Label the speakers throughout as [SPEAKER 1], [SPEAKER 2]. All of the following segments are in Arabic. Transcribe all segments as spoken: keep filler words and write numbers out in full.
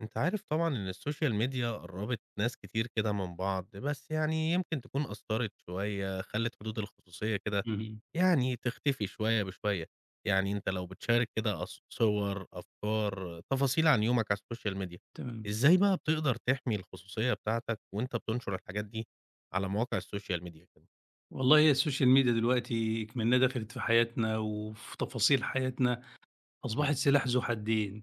[SPEAKER 1] أنت عارف طبعًا إن الSocial Media قربت ناس كتير كده من بعض، بس يعني يمكن تكون أثرت شوية، خلت حدود الخصوصية كده
[SPEAKER 2] اهم.
[SPEAKER 1] يعني تختفي شوية بشوية، يعني أنت لو بتشارك كده أص صور، أفكار، تفاصيل عن يومك على الSocial Media،
[SPEAKER 2] تمام.
[SPEAKER 1] إزاي بقى بتقدر تحمي الخصوصية بتاعتَك وأنت بتنشر الحاجات دي على مواقع الSocial Media كده؟
[SPEAKER 2] والله هي الSocial Media دلوقتي اكمنها دخلت في حياتنا وفي تفاصيل حياتنا،
[SPEAKER 1] امم.
[SPEAKER 2] أصبحت سلاح ذو حدين؛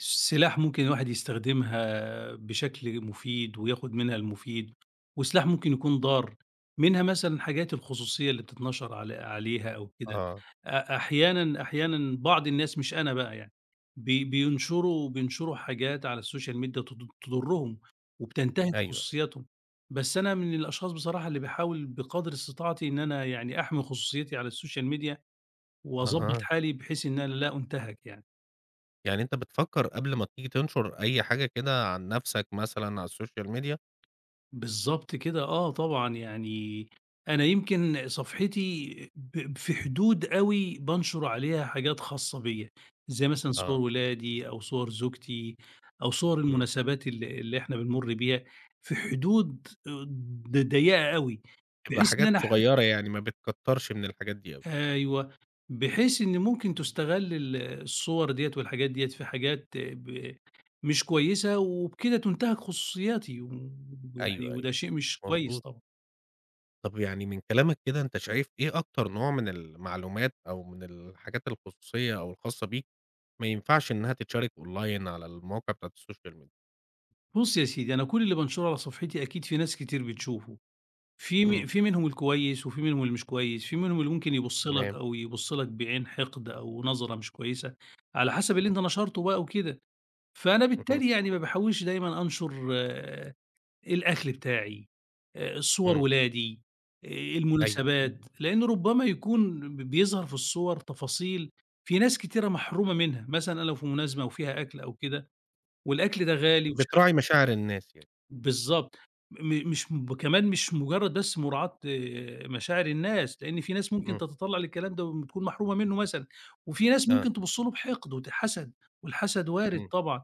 [SPEAKER 2] سلاح ممكن الواحد يستخدمها بشكل مفيد وياخد منها المفيد، وسلاح ممكن يكون ضار، منها مثلًا حاجات الخصوصية اللي بتتنشر عل عليها أو
[SPEAKER 1] آه،
[SPEAKER 2] كده.
[SPEAKER 1] آه.
[SPEAKER 2] أ أحيانًا أحيانًا بعض الناس- مش أنا بقى يعني- بي بينشروا بينشروا حاجات على الSocial Media تض تُضرهم وبتنتهِك
[SPEAKER 1] أيوه.
[SPEAKER 2] خصوصياتهم، بس أنا من الأشخاص بصراحة اللي باحاول بقدر استطاعتي إن أنا يعني أحمي خصوصيتي على الSocial Media وأضبّط
[SPEAKER 1] أها.
[SPEAKER 2] حالي، بحيث إن أنا لا أُنتهك يعني.
[SPEAKER 1] يعني أنت بتفكر قبل ما تيجي تنشر أي حاجة كده عن نفسك مثلًا على الSocial Media؟
[SPEAKER 2] بالضبط كده، آه، طبعًا. يعني أنا يمكن صفحتي ب في حدود أوي بانشر عليها حاجات خاصة بيا، زي مثلًا صور
[SPEAKER 1] آه.
[SPEAKER 2] ولادي، أو صور زوجتي، أو صور
[SPEAKER 1] امم.
[SPEAKER 2] المناسبات اللي اللي إحنا بنمُر بيها، في حدود ض ضيقة أوي
[SPEAKER 1] بتبقى
[SPEAKER 2] بحيث إن
[SPEAKER 1] حاجات
[SPEAKER 2] أنا ح
[SPEAKER 1] صغيرة، يعني ما بتكترش من الحاجات دي أوي.
[SPEAKER 2] أيوه، بحيث إنه ممكن تُستغل ال الصور ديَّة والحاجات ديَّة في حاجات ب مش كويسة، وبكده تُنتهك خصوصياتي، و ويعني
[SPEAKER 1] أيوه،
[SPEAKER 2] وده
[SPEAKER 1] أيوه.
[SPEAKER 2] شيء مش كويس
[SPEAKER 1] مضبوط.
[SPEAKER 2] طبعًا.
[SPEAKER 1] طب، يعني من كلامك كده أنت شايف إيه أكتر نوع من المعلومات، أو من الحاجات الخصوصية أو الخاصة بيك، ما ينفعش إنها تتشارك أونلاين على المواقع بتاعة الSocial Media؟
[SPEAKER 2] بُص يا سيدي، أنا كل اللي بانشره على صفحتي أكيد في ناس كتير بتشوفه، في
[SPEAKER 1] إمم.
[SPEAKER 2] م في منهم الكويس وفي منهم اللي مش كويس، في منهم اللي ممكن يبص لك،
[SPEAKER 1] تمام.
[SPEAKER 2] أو يبص لك بعين حقد أو نظرة مش كويسة، على حسب اللي
[SPEAKER 1] ام
[SPEAKER 2] أنت نشرته بقى وكده. فأنا
[SPEAKER 1] اهم.
[SPEAKER 2] بالتالي يعني ما باحاولش دايمًا أنشر الأكل بتاعي آآ، صور
[SPEAKER 1] إمم.
[SPEAKER 2] ولادي،
[SPEAKER 1] أيوه.
[SPEAKER 2] المناسبات، لأنه ربما يكون ب بيظهر في الصور تفاصيل في ناس كتيرة محرومة منها، مثلًا أنا لو في مناسبة وفيها أكل أو كده والأكل ده غالي وش
[SPEAKER 1] بتراعي مشاعر الناس يعني.
[SPEAKER 2] بالضبط، م مش كمان مش مجرد بس مراعاة مشاعر الناس، لأن في ناس ممكن
[SPEAKER 1] إمم.
[SPEAKER 2] تتطلع للكلام ده وتكون محرومة منه مثلًا، وفي ناس
[SPEAKER 1] آه.
[SPEAKER 2] ممكن تبص له بحقد وتتحسد، والحسد وارد
[SPEAKER 1] إمم.
[SPEAKER 2] طبعًا،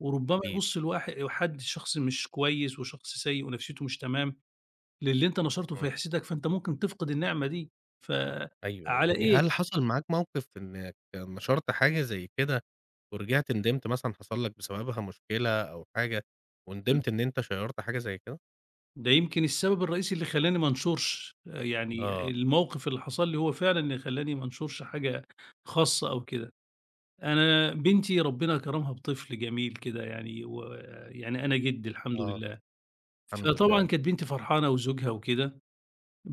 [SPEAKER 2] وربما
[SPEAKER 1] أكيد.
[SPEAKER 2] يبص الواح حد شخص مش كويس، وشخص سيء ونفسيته مش تمام للي أنت نشرته
[SPEAKER 1] إمم.
[SPEAKER 2] فيحسدك، فأنت ممكن تفقد النعمة دي،
[SPEAKER 1] أيوه،
[SPEAKER 2] فَعلى
[SPEAKER 1] يعني
[SPEAKER 2] إيه؟
[SPEAKER 1] هل حصل معاك موقف إنك نشرت حاجة زي كده ورجعت ندمت، مثلًا حصل لك بسببها مشكلة أو حاجة،
[SPEAKER 2] إمم.
[SPEAKER 1] وندمت إن أنت شيّرت حاجة زي كده؟
[SPEAKER 2] ده يمكن السبب الرئيسي اللي خلّاني ما أنشُرش، آآ يعني
[SPEAKER 1] آه.
[SPEAKER 2] الموقف اللي حصل لِي هو فعلًا اللي خلّاني ما أنشُرش حاجة خاصة أو كده. أنا بنتي ربنا كرمها بطفل جميل كده يعني، ويعني أنا جِد الحمد
[SPEAKER 1] آه.
[SPEAKER 2] لله،
[SPEAKER 1] الحمد لله.
[SPEAKER 2] فطبعًا كانت بنتي فرحانة وزوجها وكده،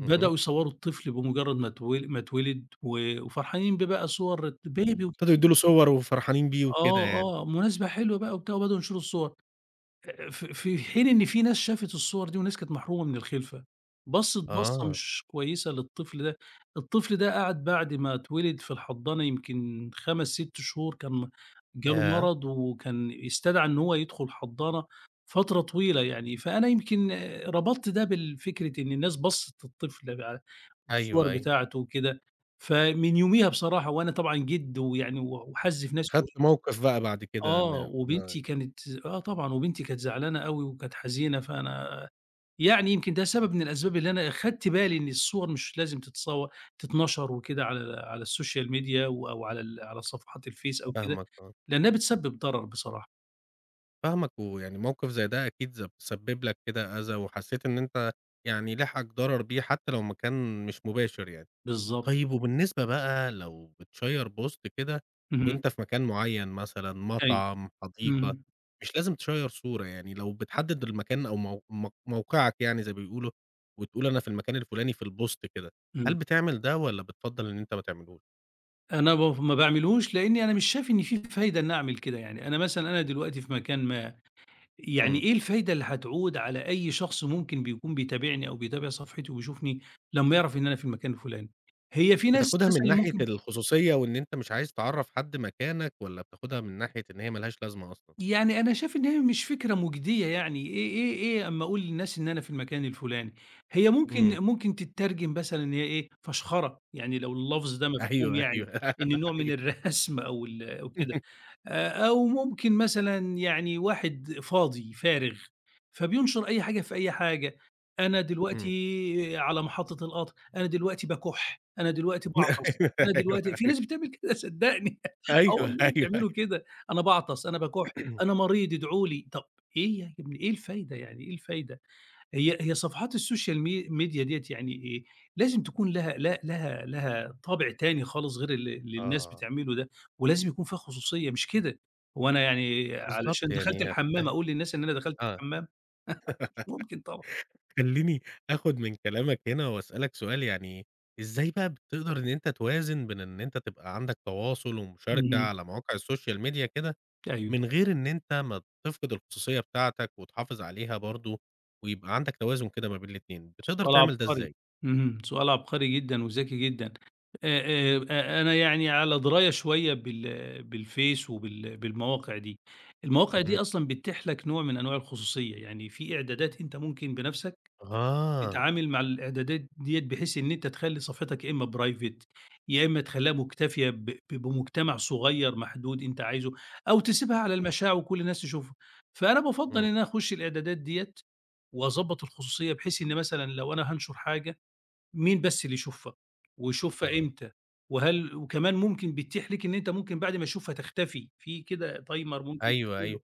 [SPEAKER 1] اهم.
[SPEAKER 2] يصوّروا الطفل بمجرد ما اتو ما اتولد و وفرحانين بيه بقى صور بيبي
[SPEAKER 1] [unintelligible] ابتدوا يدوا له
[SPEAKER 2] [unintelligible]
[SPEAKER 1] صور وفرحانين بيه وكده
[SPEAKER 2] آه،
[SPEAKER 1] يعني.
[SPEAKER 2] آه، مناسبة حلوة بقى وبتاع وبدؤوا ينشروا الصور. ف ف في حين إن في ناس شافت الصور دي وناس كانت محرومة من الخلفة، بصّت بصّة
[SPEAKER 1] آه.
[SPEAKER 2] مش كويّسة للطفل ده، الطفل ده قعد بعد ما اتولد في الحضّانة يمكن خَمس، ست شهور كان جاله
[SPEAKER 1] ياه!
[SPEAKER 2] مرض، وكان استدعي إن هو يدخل الحضّانة، فترة طويلة يعني. فأنا يمكن
[SPEAKER 1] [unintelligible]
[SPEAKER 2] ربطت ده بالفكرة إن الناس بصّت للطفل ع الصور
[SPEAKER 1] أيوه، أيوه.
[SPEAKER 2] بتاعته وكده، فمن يوميها بصراحة وأنا طبعًا جِد ويعني و وحزّ في نفسي
[SPEAKER 1] خدت موقف بقى بعد كده
[SPEAKER 2] آه،
[SPEAKER 1] إن ما
[SPEAKER 2] وبنتي كانت آه، طبعًا. وبنتي كانت زعلانة أوي وكانت حزينة، فأنا يعني يمكن ده سبب من الأسباب اللي أنا اخدت بالي إن الصور مش لازم تتصوّر تتَنشَر وكده على على السوشيال ميديا و أو على صفحات الفيس أو كده
[SPEAKER 1] فاهمك. آه.
[SPEAKER 2] لأنها بتسبب ضرر بصراحة.
[SPEAKER 1] فاهمَك، ويعني موقف زي ده أكيد ز سبّب لَك كده أذى، وحسّيت إن أنتَ يعني لحقك ضرر بيه، حتّى لو مكان مش مباشر يعني.
[SPEAKER 2] بالضبط.
[SPEAKER 1] طيّب وبالنسبة بقى لو بتشيّر بوست كده
[SPEAKER 2] اهم.
[SPEAKER 1] وأنتَ في مكان معيّن مثلًا،
[SPEAKER 2] أيوه.
[SPEAKER 1] مطعم، حديقة،
[SPEAKER 2] إمم.
[SPEAKER 1] مش لازم تشيّر صورة يعني، لو بتحدد المكان أو مو مو موقعَك يعني زي بيقولوا، وتقول أنا في المكان الفلاني في البوست كده. هل
[SPEAKER 2] إمم.
[SPEAKER 1] بتعمل ده، والّا بتفضّل إن أنتَ ما تعملوش؟
[SPEAKER 2] أنا بف ما باعملوش لأني أنا مش شايف إن في فايدة إنّي أعمل كده، يعني أنا مثلًا أنا دلوقتي في مكان ما، يعني
[SPEAKER 1] إمم.
[SPEAKER 2] إيه الفايدة اللي هتعود على أي شخص ممكن بيكون بيتابعني، أو بيتابع صفحتي وبيشوفني لمّا يعرف إن أنا في المكان الفلاني؟ هي في ناس
[SPEAKER 1] بتاخدها من
[SPEAKER 2] مثلًا
[SPEAKER 1] ناحية
[SPEAKER 2] ممكن
[SPEAKER 1] الخصوصية، وإن أنتَ مش عايز تعرّف حد مكانَك، والّا بتاخدها من ناحية إن هي ما لهاش لازمة أصلًا؟
[SPEAKER 2] يعني أنا شايف إن هي مش فكرة مجدية يعني، إيه إيه إيه أما أقول للناس إن أنا في المكان الفلاني، هي ممكن
[SPEAKER 1] إمم.
[SPEAKER 2] ممكن تتّرجم مثلًا إن هي إيه فشخرة، يعني لو اللفظ ده مفهوم
[SPEAKER 1] أيوه،
[SPEAKER 2] يعني،
[SPEAKER 1] أيوه،
[SPEAKER 2] إنّه نوع من
[SPEAKER 1] أيوه.
[SPEAKER 2] الرسم أو ال أو كده، آآ أو ممكن مثلًا يعني واحد فاضي فارغ، فبينشر أي حاجة في أي حاجة. "أنا
[SPEAKER 1] إمم.
[SPEAKER 2] دلوقتي على محطّة القطر، أنا دلوقتي باكح، أنا دلوقتي
[SPEAKER 1] أيوه،
[SPEAKER 2] باعطس. أنا
[SPEAKER 1] أيوه،
[SPEAKER 2] دلوقتي" في
[SPEAKER 1] أيوه.
[SPEAKER 2] ناس بتعمل كده صدّقني، آه،
[SPEAKER 1] أيوه،
[SPEAKER 2] والله
[SPEAKER 1] أيوه،
[SPEAKER 2] بيعملوا
[SPEAKER 1] أيوه.
[SPEAKER 2] كده، "أنا باعطس، أنا باكح، أنا مريض ادعو لي." طب إيه ي يا ابني إيه الفايدة يعني، إيه الفايدة؟ هي هي صفحات السوشيال مي ميديا ديّة يعني إيه، لازم تكون لها ل لها لها طابع تاني خالص غير اللي اللي الناس
[SPEAKER 1] آه.
[SPEAKER 2] بتعمله ده، ولازم يكون فيها خصوصيّة مش كده، هو أنا يعني
[SPEAKER 1] بالضبط.
[SPEAKER 2] علشان دخلت
[SPEAKER 1] يعني
[SPEAKER 2] الحمام
[SPEAKER 1] أخدتها
[SPEAKER 2] أقول للناس إن أنا دخلت
[SPEAKER 1] آه.
[SPEAKER 2] الحمام؟! مش ممكن طبعًا.
[SPEAKER 1] خلّيني آخد من كلامَك هنا وأسألَك سؤال، يعني إزاي بقى بتقدر إن أنتَ توازن بين إن أنتَ تبقى عندَك تواصل ومشاركة
[SPEAKER 2] اهم.
[SPEAKER 1] على مواقع السوشيال ميديا كده،
[SPEAKER 2] أيوه.
[SPEAKER 1] من غير إن أنتَ ما تفقد الخصوصيّة بتاعتَك، وتحافظ عليها برضو ويبقى عندَك توازن كده ما بين الاتنين، بتقدر
[SPEAKER 2] سؤال
[SPEAKER 1] تعمل ده
[SPEAKER 2] عبقري.
[SPEAKER 1] إزاي؟
[SPEAKER 2] إمم، سؤال عبقري جدًا وذكي جدًا، آآ، آآ، أنا يعني على دراية شويّة بال بالفيس وبال بالمواقع دي، المواقع دي
[SPEAKER 1] اهم.
[SPEAKER 2] أصلًا بتتيح لَك نوع من أنواع الخصوصيّة، يعني في إعدادات أنتَ ممكن بنفسَك
[SPEAKER 1] آه.
[SPEAKER 2] تتعامل مع الإعدادات ديّة بحيث إن أنتَ تخلّي صفحتَك يا إما private يا إما تخليها مكتفية ب ب بمجتمع صغيّر محدود أنتَ عايزه، أو تسيبها على
[SPEAKER 1] إمم.
[SPEAKER 2] المشاع وكل الناس تشوفها. فأنا بافضّل
[SPEAKER 1] إمم.
[SPEAKER 2] إن أنا أخش الإعدادات ديّة وأضبط الخصوصيّة، بحيث إن مثلًا لو أنا هانشر حاجة مين بس اللي يشوفها، ويشوفها
[SPEAKER 1] آه.
[SPEAKER 2] إمتى وهل وكمان ممكن بتتيح ليك إن أنتَ ممكن بعد ما يشوفها تختفي، في كده timer ممكن
[SPEAKER 1] أيوه،
[SPEAKER 2] تعمله
[SPEAKER 1] أيوَه.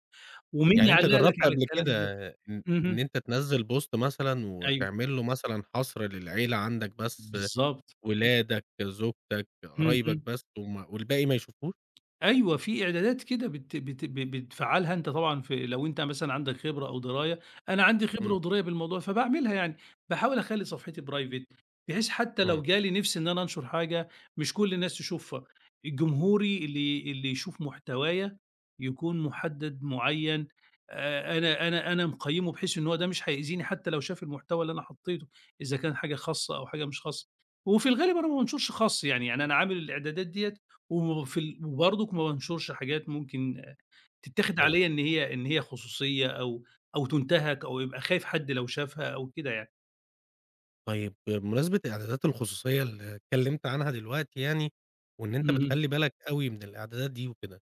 [SPEAKER 2] ومين
[SPEAKER 1] يعني أنتَ
[SPEAKER 2] يعلّق لَك
[SPEAKER 1] جرّبت
[SPEAKER 2] على
[SPEAKER 1] قبل كده
[SPEAKER 2] الكلام ده.
[SPEAKER 1] إ
[SPEAKER 2] اهم.
[SPEAKER 1] إن أنتَ تنزّل بوست مثلًا
[SPEAKER 2] أيوه.
[SPEAKER 1] وتعمل له مثلًا حصر للعيلة عندَك بس،
[SPEAKER 2] بالضبط.
[SPEAKER 1] ولادَك، زوجتَك، قرايبَك
[SPEAKER 2] اهم.
[SPEAKER 1] بس، وم والباقي ما يشوفوش؟
[SPEAKER 2] أيوه في إعدادات كده بت بت بتفعّلها أنتَ طبعًا في لو أنتَ مثلًا عندَك خبرة أو دراية، أنا عندي خبرة
[SPEAKER 1] إمم.
[SPEAKER 2] ودراية بالموضوع فباعملها يعني، باحاول أخلّي صفحتي private بحيث حتّى لو
[SPEAKER 1] إمم.
[SPEAKER 2] جا لي نفس إن أنا أنشر حاجة، مش كل الناس تشوفها، جمهوري اللي اللي يشوف محتوايا يكون محدّد معيّن. آآ أنا أنا أنا مقيّمه بحيث إن هو ده مش هيأذيني حتّى لو شاف المحتوى اللي أنا حطيته، إذا كان حاجة خاصة أو حاجة مش خاصة، وفي الغالب أنا ما بانشرش خاص يعني، يعني أنا عامل الإعدادات ديّة وفي ال وبرضك ما بانشرش حاجات ممكن تتاخد عليَّ
[SPEAKER 1] أيوه.
[SPEAKER 2] إن هي إن هي خصوصيّة أو أو تُنتهك أو يبقى خايف حد لو شافها، أو كده يعني.
[SPEAKER 1] طيب بمناسبة إعدادات الخصوصيّة اللي اتكلّمت عنها دلوقتي يعني، وإن أنتَ
[SPEAKER 2] اهم.
[SPEAKER 1] بتخلّي بالك أوي من الإعدادات دي وكده.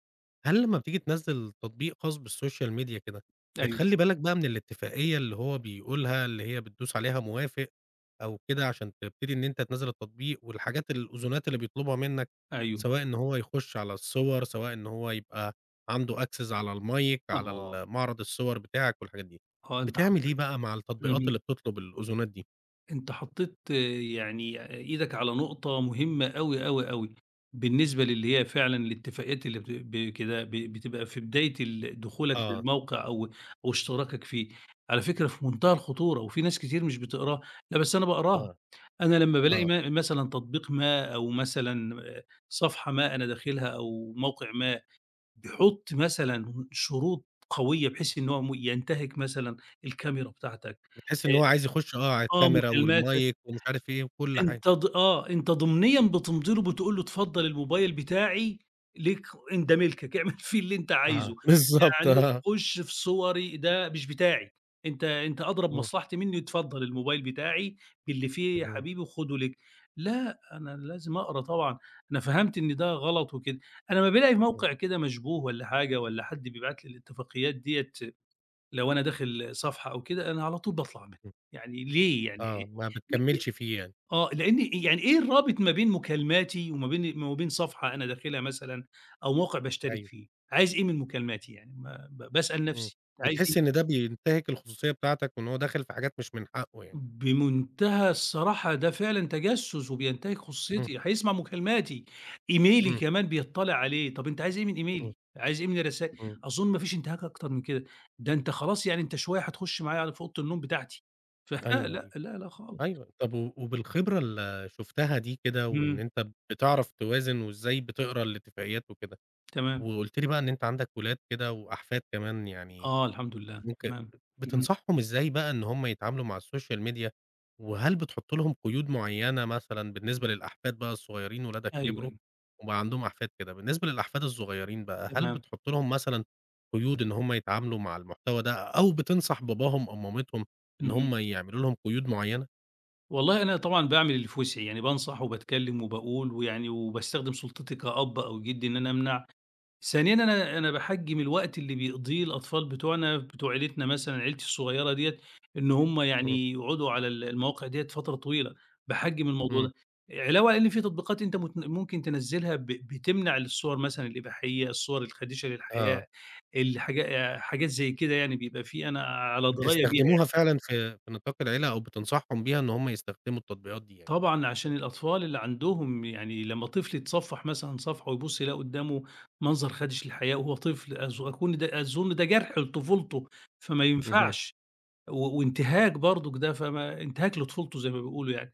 [SPEAKER 1] هل لمّا بتيجي تنزّل تطبيق خاص بالسوشيال ميديا كده
[SPEAKER 2] أيوه.
[SPEAKER 1] بتخلّي بالك بقى من الاتفاقية اللي هو بيقولها، اللي هي بتدوس عليها موافق أو كده عشان تبتدي إن أنتَ تنزّل التطبيق، والحاجات الأذونات اللي بيطلبها منّك،
[SPEAKER 2] أيوه.
[SPEAKER 1] سواء إن هو يخش على الصور سواء إن هو يبقى عنده access على المايك على
[SPEAKER 2] أها.
[SPEAKER 1] ال معرض الصور بتاعك والحاجات دي،
[SPEAKER 2] آه أنتَ
[SPEAKER 1] بتعمل إيه
[SPEAKER 2] حطيت
[SPEAKER 1] بقى مع التطبيقات
[SPEAKER 2] اهم.
[SPEAKER 1] اللي بتطلب الأذونات دي؟
[SPEAKER 2] أنتَ حطيت يعني إيدك على نقطة مهمّة أوي، أوي، أوي، بالنسبة للي هي فعلًا الاتفاقيات اللي بتب بكده ب بتبقى في بداية ال دخولك
[SPEAKER 1] آه.
[SPEAKER 2] للموقع أو أو اشتراكك فيه، على فكرة في منتهى الخطورة وفي ناس كتير مش بتقراها، لأ، بس أنا باقراها.
[SPEAKER 1] آه،
[SPEAKER 2] أنا لمّا بالاقي
[SPEAKER 1] آه.
[SPEAKER 2] م مثلًا تطبيق ما أو مثلًا آآ، صفحة ما أنا داخلها أو موقع ما بيحط مثلًا شروط قويّة، بحيث إنّه هو م ينتهِك مثلًا الكاميرا بتاعتك
[SPEAKER 1] بتحس إن هو عايز يخش آه، على
[SPEAKER 2] آآ، آه،
[SPEAKER 1] الكاميرا
[SPEAKER 2] مكالماتك
[SPEAKER 1] والمايك ومش عارف إيه وكل حاجة.
[SPEAKER 2] أنتَ ض آه، أنتَ ضمنيًا بتمضي له، بتقول له اتفضل الموبايل بتاعي ليك إن ده ملكك، اعمل فيه اللي أنتَ عايزه،
[SPEAKER 1] آه، بالضبط،
[SPEAKER 2] يعني
[SPEAKER 1] آه.
[SPEAKER 2] خش في صوري، ده مش بتاعي، أنتَ أنتَ أدرى
[SPEAKER 1] امم.
[SPEAKER 2] بمصلحتي مِنّي، اتفضل الموبايل بتاعي باللي فيه يا
[SPEAKER 1] اهم.
[SPEAKER 2] حبيبي خده ليك. لأ، أنا لازم أقرا طبعًا، أنا فهمت إن ده غلط وكده. أنا أما بالاقي
[SPEAKER 1] اهم.
[SPEAKER 2] موقع كده مشبوه والَّا حاجة والَّا حد بيبعت لي الاتفاقيات ديَّة لو أنا داخل صفحة أو كده، أنا على طول باطلع منها،
[SPEAKER 1] امم.
[SPEAKER 2] يعني ليه يعني إيه
[SPEAKER 1] آه، ما
[SPEAKER 2] بب
[SPEAKER 1] بتكمّلش فيه يعني.
[SPEAKER 2] آه، لأن يعني إيه الرابط ما بين مكالماتي وما بين وما بين صفحة أنا داخلها مثلًا أو موقع باشترك
[SPEAKER 1] أيوه.
[SPEAKER 2] فيه، عايز إيه من مكالماتي، يعني ما ب باسأل
[SPEAKER 1] إمم.
[SPEAKER 2] نفسي، أنت عايز إيه؟
[SPEAKER 1] بتحس إن ده بينتهِك الخصوصية بتاعتَك، وإنه هو داخل في حاجات مش من حقه يعني.
[SPEAKER 2] بمنتهى الصراحة ده فعلًا تجسس، وبينتهِك
[SPEAKER 1] إمم.
[SPEAKER 2] خصوصيتي هيسمع مكالماتي. إيميلي
[SPEAKER 1] إمم.
[SPEAKER 2] كمان بيطَّلِع عليه طب أنتَ عايز إيه من
[SPEAKER 1] إمم.
[SPEAKER 2] إيميلي؟ عايز إيه من الرسا
[SPEAKER 1] إمم.
[SPEAKER 2] أظن ما فيش انتهاك أكتر من كده، ده أنتَ خلاص يعني أنتَ شويّة هتخش معايا على في أوضة النوم بتاعتي. ف
[SPEAKER 1] أيوه،
[SPEAKER 2] لا،
[SPEAKER 1] أيوَه،
[SPEAKER 2] لا، لأ خالص.
[SPEAKER 1] أيوَه. طب و وبالخبرة اللي شُفتها دي كده وإن
[SPEAKER 2] امم.
[SPEAKER 1] أنتَ بتعرف توازن وإزاي بتقرا الاتفاقيات وكده،
[SPEAKER 2] تمام.
[SPEAKER 1] وقُلت لي بقى إن أنتَ عندك ولاد كده وأحفاد كمان يعني
[SPEAKER 2] آه. الحمد لله
[SPEAKER 1] ممكن
[SPEAKER 2] تمام. اهم.
[SPEAKER 1] بتنصحهم إزاي بقى إن هُم يتعاملوا مع السوشيال ميديا، وهل بتحط لهم قيود معيّنة مثلًا بالنسبة للأحفاد بقى الصغيّرين ولادك
[SPEAKER 2] أيوه،
[SPEAKER 1] كبروا،
[SPEAKER 2] أيوه.
[SPEAKER 1] وبقى عندهم أحفاد كده، بالنسبة للأحفاد الصغيّرين بقى هل
[SPEAKER 2] تمام.
[SPEAKER 1] بتحط لهم مثلًا قيود إن هُم يتعاملوا مع المحتوى ده، أو بتنصح باباهم أو مامتهم إن
[SPEAKER 2] اهم.
[SPEAKER 1] هُم يعملوا لهم قيود معيّنة؟
[SPEAKER 2] والله، أنا طبعًا باعمل اللي في وسعي، يعني بانصح وباتكلم وباقول، ويعني وباستخدم سلطتي كأب أو جد إن أنا أمنع. ثانيًا، أنا أنا باحجّم الوقت اللي بيقضيه الأطفال بتوعنا بتوع عيلتنا مثلًا عيلتي الصغيرة ديّة، إن هم
[SPEAKER 1] إمم.
[SPEAKER 2] يعني يقعدوا على ال المواقع ديّة فترة طويلة، باحجم الموضوع
[SPEAKER 1] إمم.
[SPEAKER 2] ده. علاوة إن في تطبيقات أنت متن ممكن تنزلها ب بتمنع الصور مثلًا الإباحية، الصور الخادشة
[SPEAKER 1] آه.
[SPEAKER 2] للحياء، الحاجا حاجات زي كده يعني بيبقى في أنا على دراية بيها يعني.
[SPEAKER 1] بتستخدموها فعلًا في في نطاق العيلة، أو بتنصحهم بيها إن هم يستخدموا التطبيقات دي يعني.
[SPEAKER 2] طبعًا، عشان الأطفال اللي عندهم، يعني لما طفل يتصفح مثلًا صفحه ويبُصّ يلاقي قدامه منظر خادش للحياء وهو طفل أظ كل ده أظن ده جرح لطفولته، فما
[SPEAKER 1] اهم.
[SPEAKER 2] ينفعش. و وانتهاك برضه ده، فما انتهاك لطفولته زي ما بيقولوا يعني.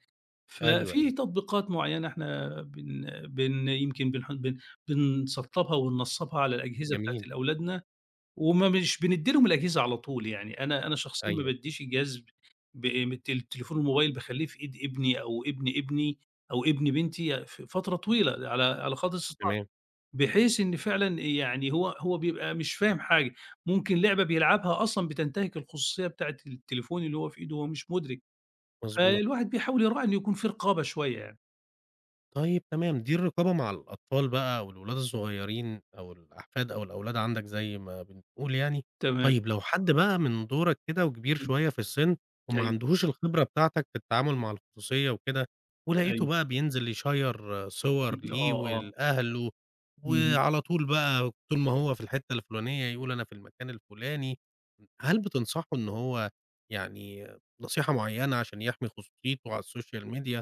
[SPEAKER 1] أيوه،
[SPEAKER 2] ففي
[SPEAKER 1] أيوه.
[SPEAKER 2] تطبيقات معينة احنا بن بن يمكن بنح بن بنسطبها وننصبها على الأجهزة بتاعة
[SPEAKER 1] جميل.
[SPEAKER 2] الأولادنا، وما مش بنديلهم الأجهزة على طول، يعني أنا أنا شخصيًا ما
[SPEAKER 1] أيوه.
[SPEAKER 2] باديش الجهاز ب م التل التليفون الموبايل باخلّيه في إيد ابني أو ابن ابني أو ابن بنتي ف فترة طويلة، على على قدر استطاعتي.
[SPEAKER 1] تمام.
[SPEAKER 2] بحيث إن فعلًا يعني هو هو بيبقى مش فاهم حاجة، ممكن لعبة بيلعبها أصلًا بتنتهك الخصوصية بتاعة التليفون اللي هو في إيده وهو مش مدرك.
[SPEAKER 1] مضبوط.
[SPEAKER 2] فالواحد بيحاول يراعي إن يكون في رقابة شوية يعني.
[SPEAKER 1] طيب، تمام، دي الرقابة مع الأطفال بقى والولاد الصغيرين أو الأحفاد أو الأولاد عندَك زي ما بنقول يعني.
[SPEAKER 2] تمام.
[SPEAKER 1] طيب، لو حد بقى من دورَك كده وكبير
[SPEAKER 2] إمم،
[SPEAKER 1] شوية في السن، وما
[SPEAKER 2] أيوه.
[SPEAKER 1] عندهوش الخبرة بتاعتَك في التعامل مع الخصوصية وكده، ولقيته
[SPEAKER 2] أيوه.
[SPEAKER 1] بقى بينزل يشيّر صور
[SPEAKER 2] اهم، آه،
[SPEAKER 1] ليه
[SPEAKER 2] آه.
[SPEAKER 1] ولأهله،
[SPEAKER 2] اهم.
[SPEAKER 1] وعلى طول بقى طول ما هو في الحتة الفلانية يقول: "أنا في المكان الفلاني." هل بتنصحه إن هو يعني نصيحة معينة عشان يحمي خصوصيته على الSocial Media،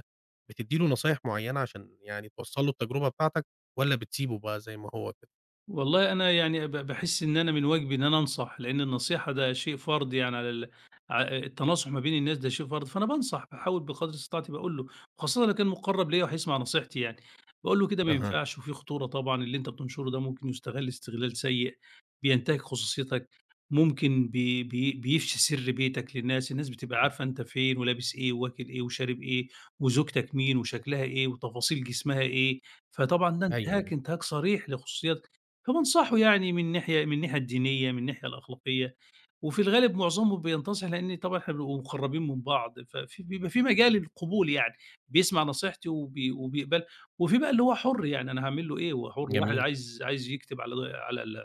[SPEAKER 1] بتدي له نصايح معينة عشان يعني توصّل له التجربة بتاعتَك، والّا بتسيبه بقى زي ما هو كده؟
[SPEAKER 2] والله، أنا يعني ب باحس إن أنا من واجبي إن أنا أنصح، لأن النصيحة ده شيء فرض يعني على ال ع التناصح ما بين الناس ده شيء فرض، فأنا بانصح باحاول بقدر استطاعتي، باقول له، وخاصةً لو كان مقرّب ليَّ وهيسمع نصيحتي يعني، باقوله كده ما
[SPEAKER 1] أها.
[SPEAKER 2] ينفعش، وفي خطورة طبعًا، اللي أنتَ بتنشره ده ممكن يُستغل استغلال سيء، بينتهك خصوصيتَك، ممكن بي بي بيفشي سر بيتَك للناس، الناس بتبقى
[SPEAKER 1] امم.
[SPEAKER 2] عارفة أنتَ فين ولابس إيه وواكل إيه وشارب إيه وزوجتَك مين وشكلها إيه وتفاصيل جسمها إيه. فطبعًا ده
[SPEAKER 1] أيوه،
[SPEAKER 2] انتهاك،
[SPEAKER 1] أيوه.
[SPEAKER 2] انتهاك صريح لخصوصياتَك. فبانصحه يعني من ناحية من الناحية الدينية، من الناحية الأخلاقية، وفي الغالب معظمهم بينتصح لأن طبعًا إحنا بنبقى مقرّبين من بعض، ففي بيبقى في مجال للقبول يعني بيسمع نصيحتي وبي وبيقبلها وفي بقى اللي هو حر يعني أنا هاعمل له إيه، هو حر، واحد
[SPEAKER 1] جميل.
[SPEAKER 2] عايز عايز يكتب على على ال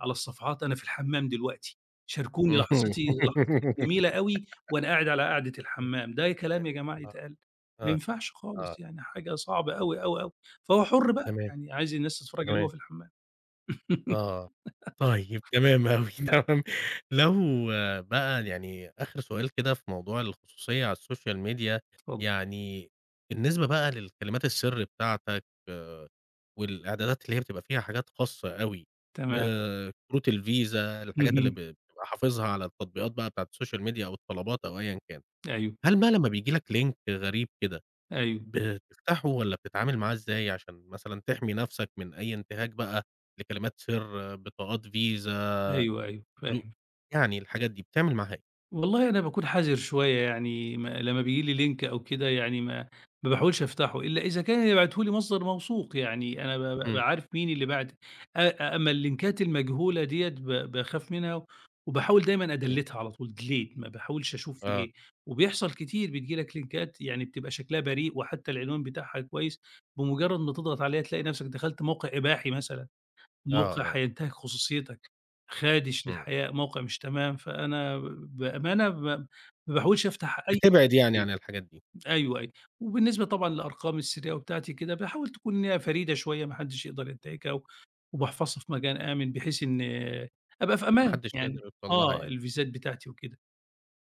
[SPEAKER 2] على الصفحات "أنا في الحمام دلوقتي، شاركوني لحظتي، لحظتي الجميلة أوي وأنا قاعد على قاعدة
[SPEAKER 1] اهم،
[SPEAKER 2] الحمام." ده
[SPEAKER 1] ه
[SPEAKER 2] كلام يا جماعة
[SPEAKER 1] آه،
[SPEAKER 2] يتقال! ما
[SPEAKER 1] آه،
[SPEAKER 2] ينفعش
[SPEAKER 1] آه.
[SPEAKER 2] خالص يعني حاجة صعبة أوي، أوي، أوي. فهو حر بقى،
[SPEAKER 1] تمام.
[SPEAKER 2] يعني عايز الناس تتفرّج عليه وهو
[SPEAKER 1] تمام.
[SPEAKER 2] في الحمام.
[SPEAKER 1] آه، طيب، تمام أوي،
[SPEAKER 2] اهم.
[SPEAKER 1] تمام، لو بقى يعني آخر سؤال كده في موضوع الخصوصية على الSocial Media،
[SPEAKER 2] اتفضل.
[SPEAKER 1] يعني بالنسبة بقى للكلمات السر بتاعتَك آآ، والإعدادات اللي هي بتبقى فيها حاجات خاصة أوي،
[SPEAKER 2] تمام.
[SPEAKER 1] آآ، كروت الفيزا الحاجات اللي ب
[SPEAKER 2] اهم.
[SPEAKER 1] بتبقى حافظها على التطبيقات بقى بتاعة الSocial Media أو الطلبات أو أيًا كان،
[SPEAKER 2] أيوه.
[SPEAKER 1] هل بقى لما بييجي لَك Link غريب كده
[SPEAKER 2] أيوه.
[SPEAKER 1] بتفتحه والّا بتتعامل معاه إزاي عشان مثلًا تحمي نفسَك من أي انتهاك بقى لكلمات سر، بطاقات VISA
[SPEAKER 2] أيوه، أيوه،
[SPEAKER 1] فلو
[SPEAKER 2] فاهم.
[SPEAKER 1] يعني الحاجات دي، بتعمل معاها إيه؟
[SPEAKER 2] والله أنا باكون حذر شويّة، يعني م لمّا بييجي لي لينك أو كده يعني ما ما باحاولش أفتحه، إلا إذا كان اللي باعته لي مصدر موثوق يعني أنا ب بابقى
[SPEAKER 1] إمم.
[SPEAKER 2] عارف مين اللي باعته، أ أما اللينكات المجهولة ديَّة ب باخاف منها وباحاول دايمًا
[SPEAKER 1] إمم.
[SPEAKER 2] أدليتّها على طول delete ما باحاولش أشوف في
[SPEAKER 1] آه.
[SPEAKER 2] إيه. وبيحصل كتير بتيجي لك لينكات يعني بتبقى شكلها بريء وحتّى العنوان بتاعها كويّس، بمجرد ما تضغط عليها تلاقي نفسك دخلت موقع إباحي مثلًا،
[SPEAKER 1] آه،
[SPEAKER 2] موقع
[SPEAKER 1] آه.
[SPEAKER 2] هينتهك خصوصيتك، خادش
[SPEAKER 1] إمم.
[SPEAKER 2] للحياء، موقع مش تمام، فأنا ب بأمانة م ما باحاولش أفتح أي
[SPEAKER 1] بتبعد يعني
[SPEAKER 2] تطبيق.
[SPEAKER 1] عن الحاجات دي.
[SPEAKER 2] أيوَه، أيوَه، وبالنسبة طبعًا لأرقامي السريّة وبتاعتي كده باحاول تكون إن هي فريدة شويّة ما حدش يقدر ينتهكها وباحفظها في مكان آمن، بحيث إنّي أبقى في
[SPEAKER 1] ما
[SPEAKER 2] أمان
[SPEAKER 1] حدش يقدر
[SPEAKER 2] يعني
[SPEAKER 1] يوصل لها
[SPEAKER 2] آه،
[SPEAKER 1] يعني.
[SPEAKER 2] الفيزات بتاعتي وكده،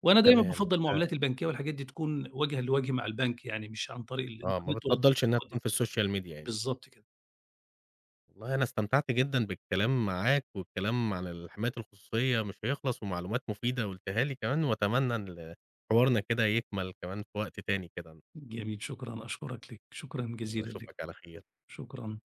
[SPEAKER 2] وأنا دايمًا
[SPEAKER 1] تمام.
[SPEAKER 2] بافضّل
[SPEAKER 1] آآ
[SPEAKER 2] المعاملات البنكية والحاجات دي تكون وجهًا لوجه مع البنك يعني، مش عن طريق
[SPEAKER 1] آه، ما
[SPEAKER 2] الإنترنت والّا
[SPEAKER 1] بتفَضّلش إنها تكون في السوشيال ميديا
[SPEAKER 2] [unintelligible]
[SPEAKER 1] يعني.
[SPEAKER 2] بالضبط كده.
[SPEAKER 1] والله أنا استمتعت جدًا بالكلام معاك، والكلام على الحماية الخصوصيّة مش هيخلص، ومعلومات مفيدة قُلتها لي كمان، وأتمنى إن حوارنا كده يكمل كمان في وقت تاني كده.
[SPEAKER 2] جميل، شكرًا. أشكرك لك، شكرًا جزيلًا لك،
[SPEAKER 1] وأشوفك على خير.
[SPEAKER 2] شكرًا.